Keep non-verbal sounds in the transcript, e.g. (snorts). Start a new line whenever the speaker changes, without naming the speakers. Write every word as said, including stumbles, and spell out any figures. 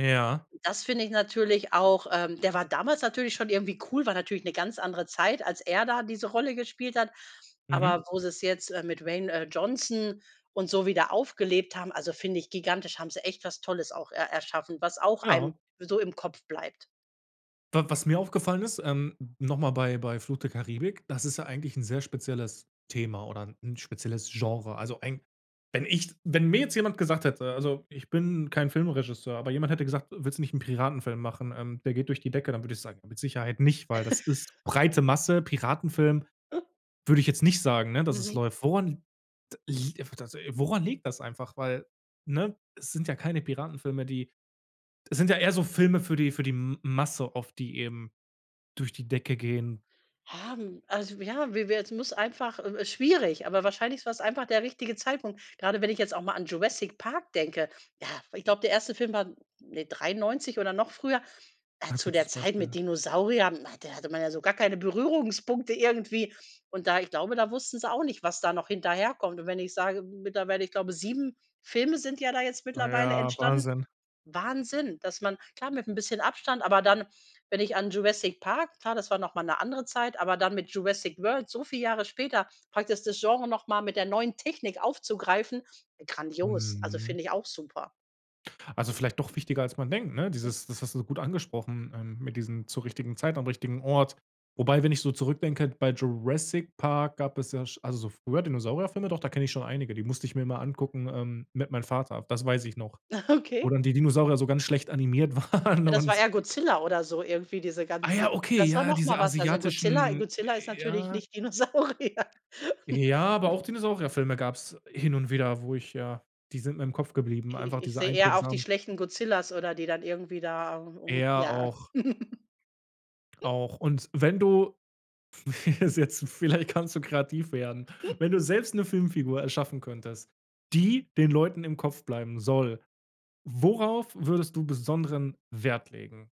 Ja.
Das finde ich natürlich auch ähm, der war damals natürlich schon irgendwie cool. War natürlich ‘ne ganz andere Zeit, als er da diese Rolle gespielt hat.
Mhm.
Aber wo sie's jetzt, äh, mit Dwayne, äh, Johnson und so wieder aufgelebt haben also, finde ich gigantisch. Haben sie echt was Tolles auch er erschaffen. Was auch einem
Ja.
so im Kopf bleibt.
W was mir aufgefallen ist, ähm, nochmal bei bei „Fluch der Karibik“: Das ist ja eigentlich 'n sehr spezielles Thema oder ‘n spezielles Genre. Also, ein wenn ich wenn mir jetzt jemand gesagt hätte- also, ich bin kein Filmregisseur- aber jemand hätte gesagt: „Willst du nicht 'nen Piratenfilm machen? Ähm, der geht durch die Decke.“ Dann würde ich sagen: „Mit Sicherheit nicht, weil das ist
(chuckles)
breite Masse.“ Piratenfilm, würde ich jetzt nicht sagen, ne, dass es
Mhm.
läuft. Woran li t liegt einfach das woran liegt das einfach? Weil ne, es sind ja keine Piratenfilme, die es sind ja eher so Filme für die für die M Masse oft, die eben durch die Decke gehen.
Haben also, ja, wie wer es muss einfach äh, äh, schwierig, aber wahrscheinlich war‘s einfach der richtige Zeitpunkt. Grade wenn ich jetzt auch mal an „Jurassic Park“ denke. Ja, ich glaube, der erste Film war ne, dreiundneunzig oder noch früher, äh,
Ah,
zu der
gutes
Zeit mit
Beispiel.
Dinosauriern. Hm, da hatte man ja so gar keine Berührungspunkte irgendwie. Und da ich glaube, da wussten sie auch nicht, was da noch hinterherkommt. Und, wenn ich sage mittlerweile, ich glaube, sieben Filme sind ja da jetzt
Ah,
mittlerweile
ja,
entstanden.
Wahnsinn.
Wahnsinn, dass man klar, mit ‘n bisschen Abstand, aber dann, wenn ich an „Jurassic Park“ klar, das war noch mal ‘ne andere Zeit, aber dann mit „Jurassic World“ so viel Jahre später, praktis, das Genre noch mal mit der neuen Technik aufzugreifen: grandios. Also,
Mhm.
finde ich auch super.
Also, vielleicht doch wichtiger, als man denkt, ne?
Mm.
Dieses das hast du gut angesprochen, ähm, mit diesem zur richtigen Zeit am richtigen Ort. Wobei, wenn ich so zurückdenke, bei „Jurassic Park“ gab es ja sch also, so früher, Dinosaurier-Filme. Doch, da kenne ich schon einige. Die musste ich mir immer angucken, ähm, mit meinem Vater. Das weiß ich noch.
Ah,
Wo
okay.
dann die Dinosaurier so ganz schlecht animiert waren
Ja, das war
und
ja Godzilla oder so irgendwie diese
Ah ja,
ganze
okay,
Das war
ja, ja,
noch
diese
mal was Also, Godzilla
asiatischen
Godzilla ist
äh,
natürlich
ja.
nicht Dinosaurier.
Äh, ja, aber
(chuckles)
auch Dinosaurier-Filme gab‘s hin und wieder, wo ich ja die sind mir im Kopf geblieben,
Ich
einfach
ich ich
diese
sehe eher auch die
einprägsamen.
schlechten Godzillas oder die dann irgendwie da au
Äh,
um
ja,
ja.
auch.
(chuckles)
Auch. Und, wenn du, pf (chuckles) das ist jetzt vielleicht kannst du kreativ werden.
(snorts)
Wenn du selbst ‘ne Filmfigur erschaffen könntest, die den Leuten im Kopf bleiben soll, worauf würdest du besonderen Wert legen?